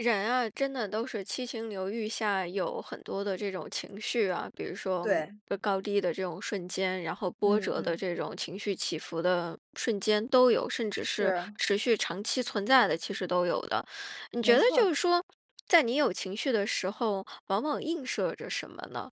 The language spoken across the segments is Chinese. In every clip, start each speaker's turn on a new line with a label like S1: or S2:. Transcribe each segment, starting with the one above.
S1: 人啊，真的都是七情六欲下有很多的这种情绪啊。比如说
S2: 对。
S1: 高低的这种瞬间，然后波
S2: 嗯
S1: 折的
S2: 嗯。
S1: 这种情绪起伏的瞬间都有，甚至是
S2: 是。
S1: 持续长期存在的其实都有的。你觉
S2: 没
S1: 得
S2: 错
S1: 就
S2: 儿。
S1: 是说，在你有情绪的时候，往往映射着什么呢？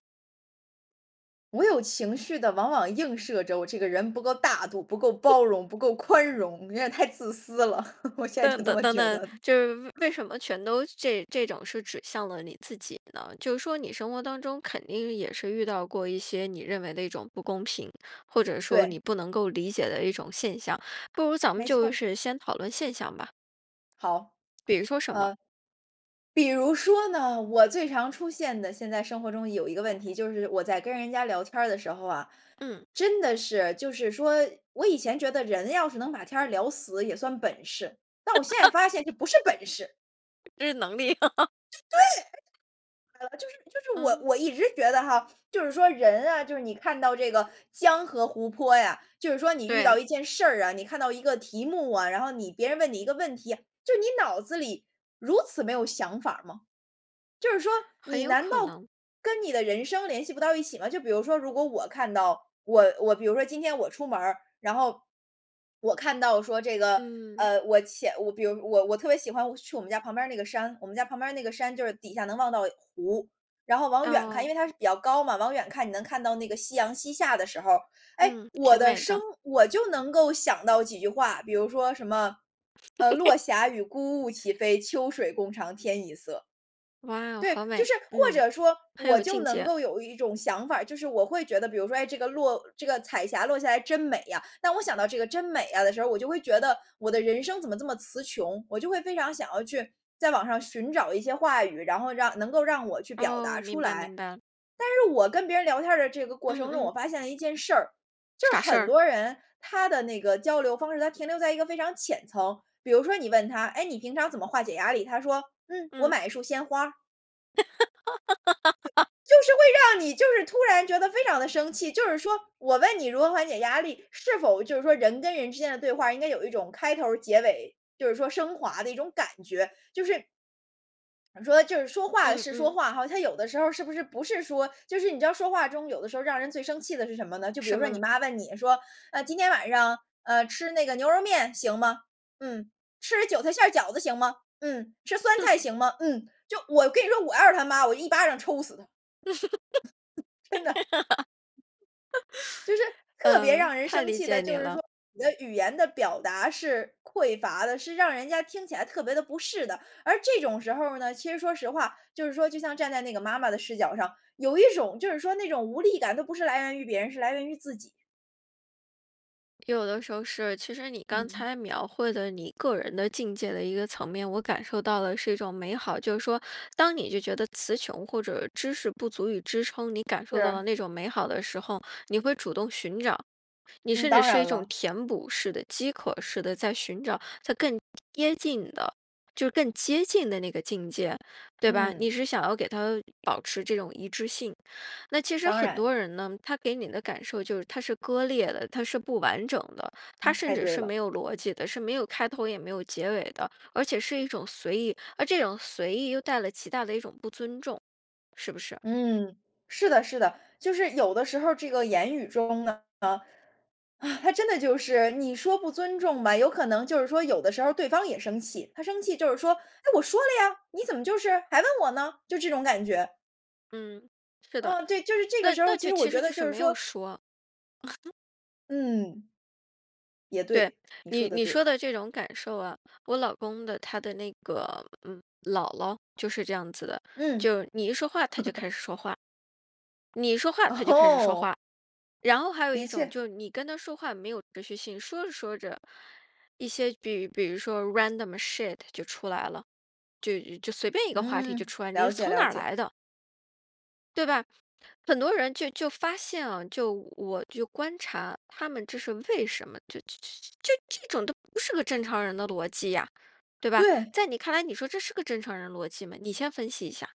S2: 我有情绪的往往映射着我这个人不够大度、不够包容、不够宽容，有点太自私了，我现在就
S1: 等
S2: 这
S1: 等
S2: 么
S1: 等
S2: 觉
S1: 等，
S2: 得。
S1: 就是为为什么全都这这种是指向了你自己呢？就是说你生活当中肯定也是遇到过一些你认为的一种不公平，或者说你
S2: 对。
S1: 不能够理解的一种现象。不如咱们
S2: 没错
S1: 就
S2: 儿。
S1: 是先讨论现象吧。
S2: 好。
S1: 比如说什么？
S2: 呃，比如说呢，我最常出现的现在生活中有一个问题就是我在跟人家聊天儿的时候啊，
S1: 嗯。
S2: 真的是就是说我以前觉得人要是能把天儿聊死也算本事，但我现在 发现这不是本事。
S1: 这是能力。
S2: 对，呃，就是就是我
S1: 嗯。
S2: 我一直觉得哈，就是说人啊就是你看到这个江河湖泊呀就是说你遇到
S1: 对。
S2: 一件事儿啊，你看到一个题目啊，然后你别人问你一个问题啊，就是你脑子里如此没有想法儿吗？就是说
S1: 很
S2: 你
S1: 有
S2: 难
S1: 可
S2: 道
S1: 能。
S2: 跟你的人生联系不到一起吗？就比如说如果我看到我我比如说今天我出门儿，然后我看到说这个，
S1: 嗯。
S2: 呃，我浅比如我我特别喜欢我去我们家旁边儿那个山我们家旁边儿那个山就是底下能望到湖，然后往远看
S1: 哦。
S2: 因为它是比较高嘛，往远看你能看到那个夕阳西下的时候儿。哎，
S1: 嗯，
S2: 我
S1: 挺
S2: 的
S1: 美
S2: 生
S1: 的。
S2: 我就能够想到几句话，比如说什么，呃，“落霞与孤鹜齐飞，秋水共长天一色”。
S1: 哇，
S2: 对，
S1: 好
S2: 就
S1: 美！
S2: 是或
S1: 嗯，
S2: 者说，
S1: 很
S2: 我
S1: 有
S2: 就
S1: 境
S2: 能
S1: 界。
S2: 够有一种想法儿，就是我会觉得比如说，诶，这个落这个彩霞落下来真美呀，但我想到这个“真美呀”的时候，我就会觉得我的人生怎么这么词穷，我就会非常想要去在网上寻找一些话语，然后让能够让我去表
S1: 哦，
S2: 达出
S1: 明白
S2: 来。
S1: 明白。
S2: 但是我跟别人聊天儿的这个过
S1: 嗯
S2: 程中，
S1: 嗯。
S2: 我发现了一件事儿，就
S1: 啥
S2: 是
S1: 事
S2: 很
S1: 儿？
S2: 多人，他的那个交流方式，他停留在一个非常浅层。比如说你问他：“诶，你平常怎么化解压力？”他说：“嗯，我
S1: 嗯。
S2: 买一束鲜花儿。”就 就是会让你就是突然觉得非常地生气。就是说我问你如何缓解压力，是否就是说人跟人之间的对话，应该有一种开头儿结尾，就是说升华的一种感觉。就是，怎么说呢，就是说话
S1: 嗯
S2: 是说
S1: 嗯。
S2: 话哈，他有的时候儿是不是不是说，就是你知道说话中有的时候让人最生气的是什么呢？就比如
S1: 什
S2: 说
S1: 么
S2: 你
S1: 呢？
S2: 妈问你说：“呃，今天晚上，呃，吃那个牛肉面行吗？”“嗯。”“吃韭菜馅儿饺子行吗？”“嗯。”“吃酸菜 行吗？”“嗯。”就我跟你说我要是他妈，我一巴掌抽死他。真的。就是 特别
S1: 嗯，
S2: 让人
S1: 太
S2: 生
S1: 理
S2: 气
S1: 解
S2: 的
S1: 你
S2: 就是
S1: 了。
S2: 说，你的语言的表达是匮乏的，是让人家听起来特别的不适的。而这种时候呢，其实说实话，就是说就像站在那个妈妈的视角上，有一种就是说那种无力感都不是来源于别人，是来源于自己。
S1: 有的时候是，其实你刚
S2: 嗯。
S1: 才描绘的你个人的境界的一个层面，我感受到的是一种美好。就是说当你就觉得词穷或者知识不足以支撑你感受到的
S2: 是。
S1: 那种美好的时候，你会主动寻找。你
S2: 嗯，
S1: 甚至
S2: 当
S1: 是一
S2: 然
S1: 种
S2: 了。
S1: 填补式的饥渴式的在寻找它更接近的，就是更接近的那个境界，对吧。你
S2: 嗯。
S1: 是想要给他保持这种一致性。那其实
S2: 当
S1: 很
S2: 然。
S1: 多人呢，他给你的感受就是他是割裂的，他是不完整的。他
S2: 嗯
S1: 甚
S2: 太
S1: 至
S2: 对
S1: 是
S2: 了。
S1: 没有逻辑的，是没有开头也没有结尾的。而且是一种随意，而这种随意又带来极大的一种不尊重，是不是？
S2: 嗯，是的是的。就是有的时候儿这个言语中呢，啊，他真的就是，你说不尊重吧，有可能就是说有的时候对方也生气。他生气就是说：“哎，我说了呀，你怎么就是还问我呢？”就这种感觉。
S1: 嗯，是的，
S2: 嗯，对，就是这个
S1: 那
S2: 时候
S1: 那
S2: 其
S1: 就
S2: 实我
S1: 其
S2: 觉
S1: 实就
S2: 得
S1: 是
S2: 就是
S1: 没有
S2: 说
S1: 说。
S2: 嗯。也
S1: 对，
S2: 对，你说
S1: 你
S2: 得
S1: 你说
S2: 对。
S1: 的这种感受啊，我老公的他的那个，嗯，姥姥，就是这样子的，
S2: 嗯。
S1: 就你一说话，她就 开始说话。你一说话她就开始说
S2: 哦！
S1: 话，然后还有
S2: 的
S1: 一种
S2: 确。
S1: 就是你跟她说话没有持续性，说着说着，一些比比如说 random shit 就出来了，就就随便一个话题就
S2: 嗯，
S1: 出来了，你是
S2: 了解，
S1: 从哪
S2: 了
S1: 儿
S2: 解。
S1: 来的对吧，很多人就就发现啊，就我就观察他们这是为什么，就就就就这种都不是个正常人的逻辑呀，对吧？
S2: 对！
S1: 在你看来你说这是个正常人逻辑吗？你先分析一下。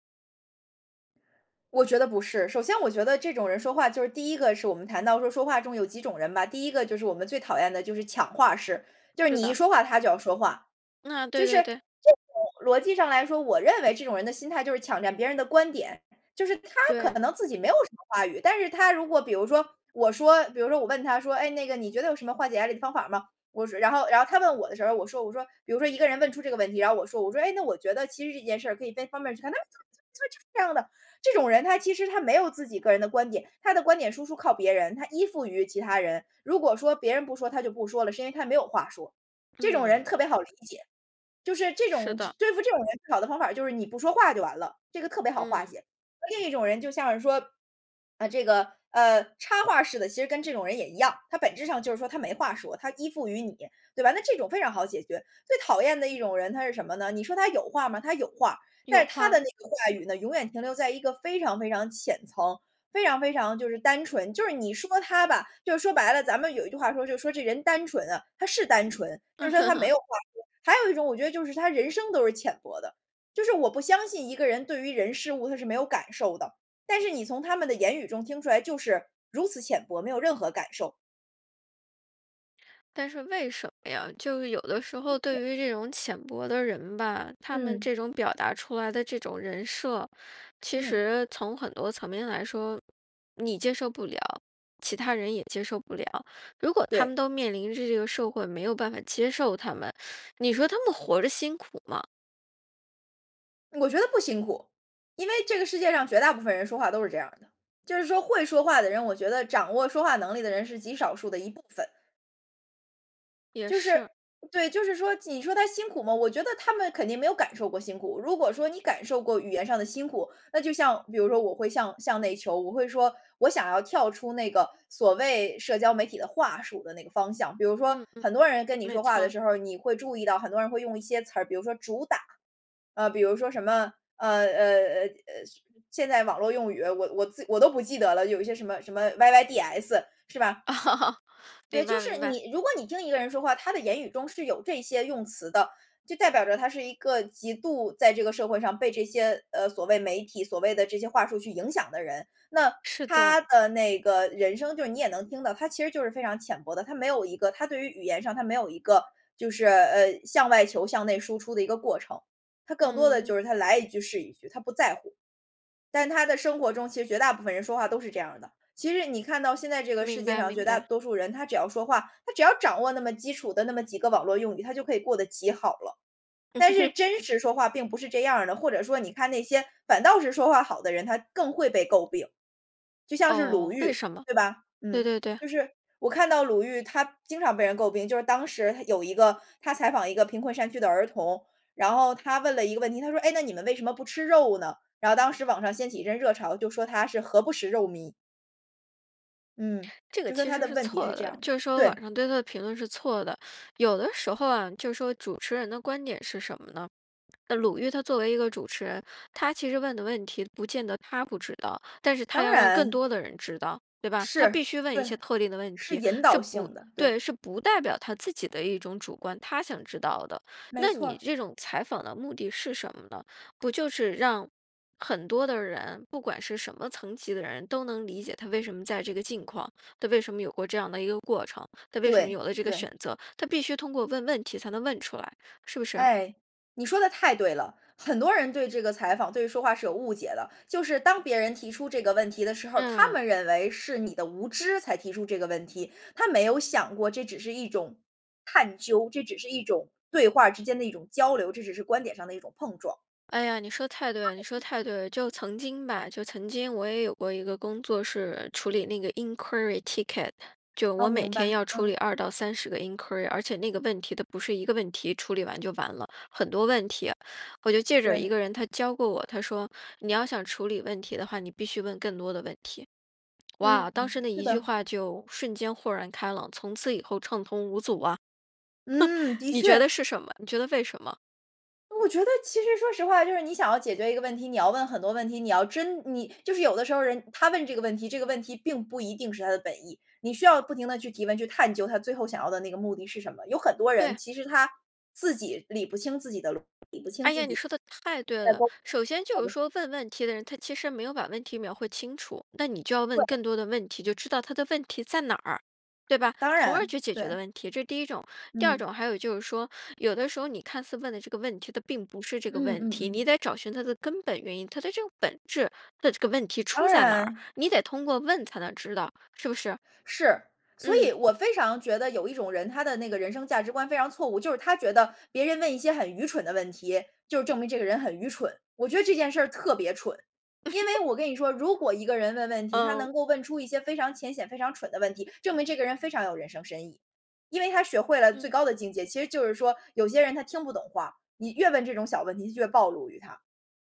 S2: 我觉得不是。首先我觉得这种人说话就是第一个是我们谈到说说话中有几种人吧。第一个就是我们最讨厌的就是抢话式，就是
S1: 是
S2: 你一
S1: 的。
S2: 说话他就要说话。
S1: 嗯啊，
S2: 就
S1: 对
S2: 是就
S1: 对对。
S2: 我逻辑上来说，我认为这种人的心态就是抢占别人的观点，就是他可
S1: 对。
S2: 能自己没有什么话语，但是他如果比如说我说比如说我问他说：“哎，那个你觉得有什么化解压力的方法吗？”我说然后然后他问我的时候，我说我说，比如说一个人问出这个问题，然后我说我说：“哎，那我觉得其实这件事可以在方面 就是这样的。”这种人他其实他没有自己个人的观点，他的观点输出靠别人，他依附于其他人，如果说别人不说他就不说了，是因为他没有话说。这种人
S1: 嗯。
S2: 特别好理解，就是这
S1: 是
S2: 种只
S1: 的。
S2: 对付这种人最好的方法就是你不说话就完了，这个特别好化
S1: 嗯。
S2: 解。另一种人就像是说，呃，这个，呃，插话式的其实跟这种人也一样，他本质上就是说他没话说，他依附于你，对吧？那这种非常好解决。最讨厌的一种人他是什么呢？你说他有话吗？他有话，但
S1: 有
S2: 是他的
S1: 话。
S2: 那个话语呢，永远停留在一个非常非常浅层，非常非常就是单纯，就是你说他吧，就说白了，咱们有一句话说就说：“这人单纯啊。”他是单纯，就是说他没 有话说。还有一种我觉得就是他人生都是浅薄的，就是我不相信一个人对于人、事、物他是没有感受的，但是你从他们的言语中听出来就是如此浅薄，没有任何感受。
S1: 但是为什么呀，就是有的时
S2: 就
S1: 候，
S2: 是
S1: 对于这种浅薄的人吧，他们
S2: 嗯。
S1: 这种表达出来的这种人设，其
S2: 嗯。
S1: 实从很多层面来说，你接受不了，其他人也接受不了。如果他
S2: 对。
S1: 们都面临着这个社会没有办法接受他们，你说他们活着辛苦吗？
S2: 我觉得不辛苦。因为这个世界上绝大部分人说话都是这样儿的，就是说会说话的人我觉得掌握说话能力的人是极少数的一部分。
S1: 也
S2: 就是
S1: 是。
S2: 对，就是说你说他辛苦吗？我觉得他们肯定没有感受过辛苦，如果说你感受过语言上的辛苦，那就像比如说我会像像内求我会说，我想要跳出那个所谓社交媒体的话术的那个方向，比如说
S1: 嗯嗯，
S2: 很多人跟你
S1: 没
S2: 说话
S1: 错
S2: 的
S1: 儿。
S2: 时候儿，你会注意到很多人会用一些词儿，比如说“主打”，呃，比如说什么，呃呃呃呃，现代网络用语，我我自我都不记得了，有一些什么什么 “yyds”，是吧？对，
S1: 明
S2: 就
S1: 白
S2: 是
S1: 明白。
S2: 你如果你听一个人说话，他的言语中是有这些用词的，就代表着他是一个极度在这个社会上被这些，呃，所谓媒体，所谓的这些话术去影响的人。那
S1: 是的。
S2: 他的那个人生就是你也能听到，他其实就是非常浅薄的，他没有一个他对于语言上他没有一个，就是，呃，向外求，向内输出的一个过程，他更多的
S1: 嗯。
S2: 就是他来一句是一句，他不在乎。但他的生活中其实绝大部分人说话都是这样的，其实你看到现在这个世
S1: 明
S2: 界
S1: 白
S2: 上
S1: 明
S2: 绝大
S1: 白。
S2: 多数人他只要说话他只要掌握那么基础的那么几个网络用语，他就可以过得极好了。但是 真实说话并不是这样儿的，或者说你看那些反倒是说话好的人，他更会被诟病。就像是鲁
S1: 哦，为
S2: 豫，
S1: 什么？
S2: 对吧？
S1: 对
S2: 嗯，
S1: 对对。
S2: 就是我看到鲁豫她经常被人诟病，就是当时有一个她采访一个贫困山区的儿童，然后她问了一个问题，她说：“诶，那你们为什么不吃肉呢？”然后当时网上掀起一阵热潮，就说她是“何不食肉糜”。嗯，
S1: 这个
S2: 就说
S1: 其
S2: 他
S1: 实
S2: 的
S1: 是
S2: 问题
S1: 错
S2: 是这
S1: 的，
S2: 样的。
S1: 就是说
S2: 对。
S1: 网上对她的评论是错的。有的时候啊，就说主持人的观点是什么呢？鲁豫她作为一个主持人，她其实问的问题不见得她不知道，但是她
S2: 当
S1: 要让更
S2: 然。
S1: 多的人知道，对吧？她
S2: 是，
S1: 必须问一些
S2: 对，
S1: 特定的问
S2: 是
S1: 题，
S2: 引
S1: 是
S2: 导
S1: 不
S2: 性的，对。
S1: 对，是不代表，她自己的一种主观，她想知道的。
S2: 没
S1: 那
S2: 错
S1: 你
S2: 儿。
S1: 这种采访的目的是什么呢？不就是让很多的人，不管是什么层级的人都能理解他为什么在这个境况，他为什么有过这样的一个过程，他为什么有
S2: 对，
S1: 了这个
S2: 对。
S1: 选择，她必须通过问问题才能问出来，是不是？
S2: 哎，你说得太对了！很多人对这个采访，对说话是有误解的，就是当别人提出这个问题的时候儿，他
S1: 嗯。
S2: 们认为是你的无知才提出这个问题，他没有想过这只是一种探究，这只是一种对话之间的一种交流，这只是观点上的一种碰撞。
S1: 哎呀，你说得太对了你说得太对了。就 曾经吧，就曾经我也有过一个工作是处理那个 inquiry ticket，就
S2: 好，
S1: 我每
S2: 明
S1: 天
S2: 白，
S1: 要处
S2: 嗯。
S1: 理2到30个 inquiry，而且那个问题它不是一个问题，处理完就完了，很多问题。我就记着一
S2: 对。
S1: 个人他教过我，他说你要想处理问题的话，你必须问更多的问题。
S2: 嗯，
S1: 哇，当时那
S2: 是
S1: 一句
S2: 的。
S1: 话就瞬间豁然开朗，从此以后畅通无阻啊。
S2: 嗯，的
S1: 你觉得
S2: 确。
S1: 是什么？你觉得为什么？
S2: 我觉得其实说实话，就是你想要解决一个问题，你要问很多问题。你要真你就是有的时候儿人他问这个问题，这个问题并不一定是他的本意。你需要不停地去提问，去探究他最后想要的那个目的是什么。有很多人，
S1: 对。
S2: 其实他自己理不清自己的逻 理不清
S1: 哎
S2: 自
S1: 呀，你
S2: 己
S1: 说的太对了！首先就是说问问题的人，他其实没有把问题描绘清楚。那你就要
S2: 对。
S1: 问更多的问题，就知道他的问题在哪儿，对吧，
S2: 当
S1: 从而
S2: 然，
S1: 去解决了
S2: 对。
S1: 问题，这是第一种。第二
S2: 嗯。
S1: 种还有就是说，有的时候你看似问的这个问题，它并不是这个
S2: 嗯
S1: 问
S2: 嗯
S1: 题，
S2: 嗯。
S1: 你得找寻它的根本原因。它的这个本质，他的这个问题
S2: 当
S1: 出在哪儿，
S2: 然。
S1: 你得通过问才能知道，是不是？
S2: 是。所
S1: 嗯。
S2: 以我非常觉得有一种人他的那个人生价值观非常错误，就是他觉得别人问一些很愚蠢的问题，就是证明这个人很愚蠢。我觉得这件事儿特别蠢。因为 我跟你说，如果一个人问问题，他
S1: 嗯。
S2: 能够问出一些非常浅显、非常蠢的问题，证明这个人非常有人生深意。因为他学会了最
S1: 嗯。
S2: 高的境界，其实就是说，有些人他听不懂话，你越问这种小问题越暴露于他。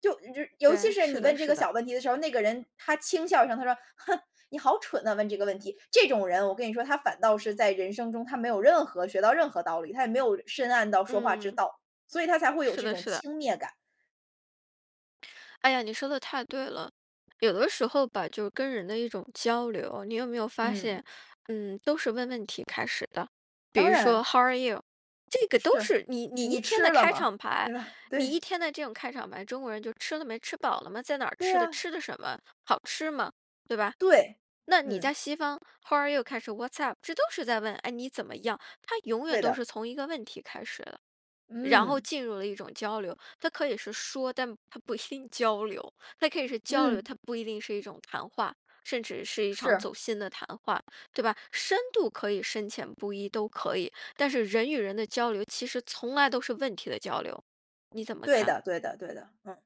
S2: 就于尤其
S1: 对，
S2: 是你
S1: 是的
S2: 问这
S1: 是
S2: 个
S1: 的。
S2: 小问题的时候儿，那个人，他轻笑一声，他说：“哼，你好蠢呐，问这个问题。”这种人我跟你说，他反倒是在人生中他没有任何学到任何道理，他也没有深谙到说话之
S1: 嗯。
S2: 道，所以他才会有
S1: 是
S2: 这
S1: 的
S2: 种
S1: 是的。
S2: 轻蔑感。
S1: 哎呀，你说得太对了，有的时候吧，就跟人的一种交流，你有没有发
S2: 嗯。
S1: 现，嗯，都是问问题开始的。比
S2: 当
S1: 如
S2: 然。
S1: 说 how are you？这个都
S2: 是。
S1: 是你你一
S2: 你
S1: 天的
S2: 吃了
S1: 开
S2: 吗？
S1: 场白，
S2: 对吧？
S1: 你一
S2: 对。
S1: 天的这种开场白，中国人就吃了没？吃饱了吗？在哪儿
S2: 对
S1: 吃的？
S2: 呀。
S1: 吃的什么？好吃吗？对吧？
S2: 对，
S1: 那你
S2: 嗯。
S1: 在西方 how are you 开始，what‘s up？这都是在问，诶，你怎么样？它永远
S2: 对
S1: 都
S2: 的。
S1: 是从一个问题开始的。然后
S2: 嗯。
S1: 进入了一种交流，它可以是说，但它不一定交流，它可以是交流，
S2: 嗯。
S1: 它不一定是一种谈话，甚至是一场
S2: 是。
S1: 走心的谈话，对吧？深度可以深浅不一都可以，但是人与人的交流其实从来都是问题的交流，你怎么
S2: 对
S1: 看？
S2: 的对的对的，嗯。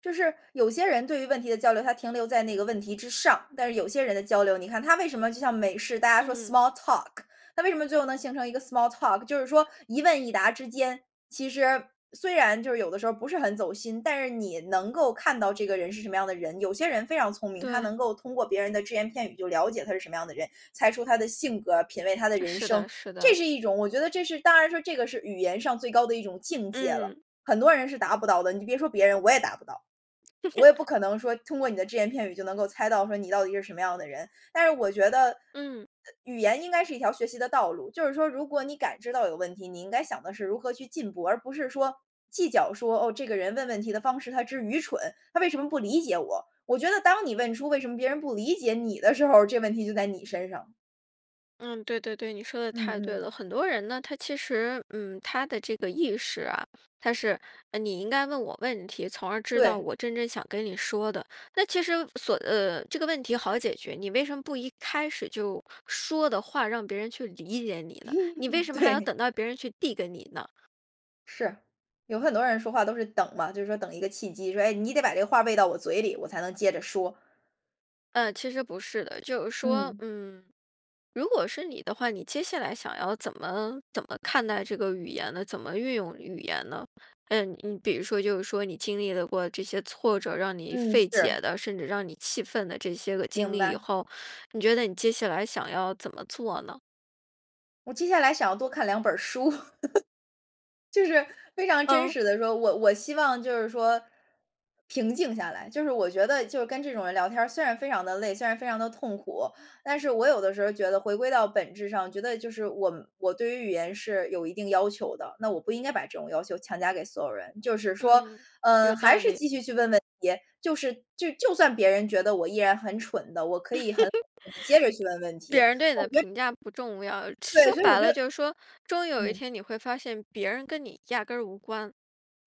S2: 就是有些人对于问题的交流，他停留在那个问题之上，但是有些人的交流，你看它为什么就像美式，大家说
S1: 嗯。
S2: small talk，那为什么最后能形成一个 small talk，就是说一问一答之间，其实虽然就是有的时候不是很走心，但是你能够看到这个人是什么样的人。有些人非常聪明，他
S1: 对。
S2: 能够通过别人的只言片语就了解他是什么样的人，猜出他的性格，品味他的人
S1: 是
S2: 生。
S1: 的是
S2: 这
S1: 的。
S2: 是一种我觉得这是当然说这个是语言上最高的一种境界了，
S1: 嗯。
S2: 很多人是达不到的，你别说别人，我也达不到。我也不 可能说通过你的只言片语就能够猜到说你到底是什么样的人，但是我觉得，呃，
S1: 嗯。
S2: 语言应该是一条学习的道路，就是说如果你感知到有问题，你应该想的是如何去进步，而不是说，计较说，哦，这个人问问题的方式他真愚蠢，他为什么不理解我？我觉得当你问出为什么别人不理解你的时候，这问题就在你身上。
S1: 嗯，对对对，你说得
S2: 嗯
S1: 太对了，
S2: 嗯。
S1: 很多人呢，他其实，嗯，他的这个意识啊，他是，呃，你应该问我问题，从而知道
S2: 对。
S1: 我真正想跟你说的，那其实所呃，这个问题好解决，你为什么不一开始就说的话让别人去理解你呢？你为 什么还要
S2: 对。
S1: 等到别人去递给你呢？
S2: 是，有很多人说话都是等嘛，就是说等一个契机，说，哎，你得把这个话喂到我嘴里，我才能接着说。
S1: 嗯，其实不是的。就是说，
S2: 嗯。
S1: 嗯，如果是你的话，你接下来想要怎么怎么看待这个语言呢？怎么运用语言呢？呃，比如说就是说你经历了过这些挫折，让你
S2: 嗯，
S1: 费
S2: 是。
S1: 解的，甚至让你气愤的这些个经
S2: 明
S1: 历以
S2: 白。
S1: 后，你觉得你接下来想要怎么做呢？
S2: 我接下来想要多看两本儿书。就是非常真
S1: 嗯。
S2: 实地说，我我希望就是说平静下来，就是我觉得就是跟这种人聊天儿虽然非常地累，虽然非常地痛苦，但是我有的时候觉得回归到本质上，觉得就是我我对于语言是有一定要求的，那我不应该把这种要求强加给所有人。就是说，
S1: 嗯，
S2: 呃，
S1: 有
S2: 还
S1: 道
S2: 是
S1: 理。
S2: 继续去问问题，就是就就算别人觉得我依然很蠢的，我可以很好地接着去问 问题，
S1: 别人
S2: 我
S1: 对你的
S2: 觉得。
S1: 评价不重要，
S2: 对，
S1: 说
S2: 所以我
S1: 白
S2: 觉
S1: 了
S2: 得
S1: 就是说，终有一
S2: 嗯。
S1: 天你会发现别人跟你压根儿无关。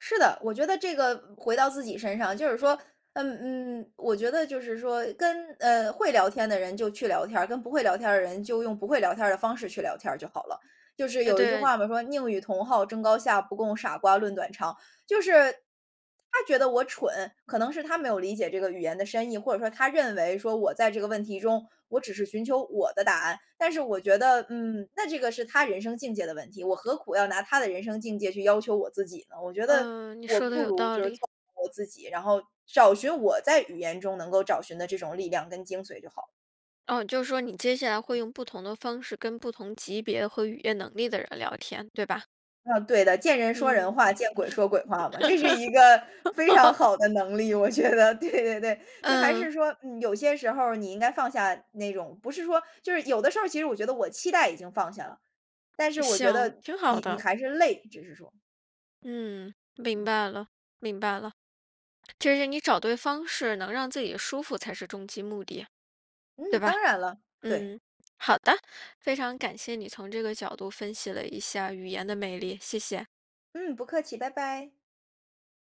S2: 是的，我觉得这个回到自己身上，就是
S1: 嗯。
S2: 说，嗯，嗯，我觉得就是说跟，呃，会聊天的人就去聊天儿，跟不会聊天儿的人就用不会聊天儿的方式去聊天儿就好了。就是
S1: 呃，
S2: 有一句
S1: 对。
S2: 话嘛，说“宁与同好争高下，不共傻瓜论短长”。就是他觉得我蠢，可能是他没有理解这个语言的深意，或者说他认为说我在这个问题中，我只是寻求我的答案。但是我觉得，嗯，那这个是他人生境界的问题，我何苦要拿他的人生境界去要求我自己呢？我觉得
S1: 嗯，你
S2: 我
S1: 说得
S2: 不
S1: 有
S2: 如
S1: 道
S2: 就是
S1: 理。
S2: 做好我自己，然后找寻我在语言中能够找寻的这种力量跟精髓就好了。
S1: 哦，就是说你接下来
S2: 嗯。
S1: 会用不同的方式跟不同级别和语言能力的人聊天，对吧？
S2: 嗯，对的，“见人说
S1: 嗯。
S2: 人话，见鬼说鬼话“嘛，这是一个非常 好的能力，我觉得，对对对。就还
S1: 嗯。
S2: 是说嗯，有些时候儿你应该放下那种不是说就是有的时候儿其实我觉得我期待已经放下了，但是我觉
S1: 行，
S2: 得
S1: 挺好
S2: 你你
S1: 的。
S2: 还是累，只是说。
S1: 嗯，明
S2: 嗯。
S1: 白了，明白了。这是你找对方式能让自己舒服才是终极目的。对
S2: 嗯，
S1: 吧？
S2: 当然了。对。
S1: 嗯，好的，非常感谢你从这个角度分析了一下语言的魅力，谢谢。
S2: 嗯，不客气，拜拜。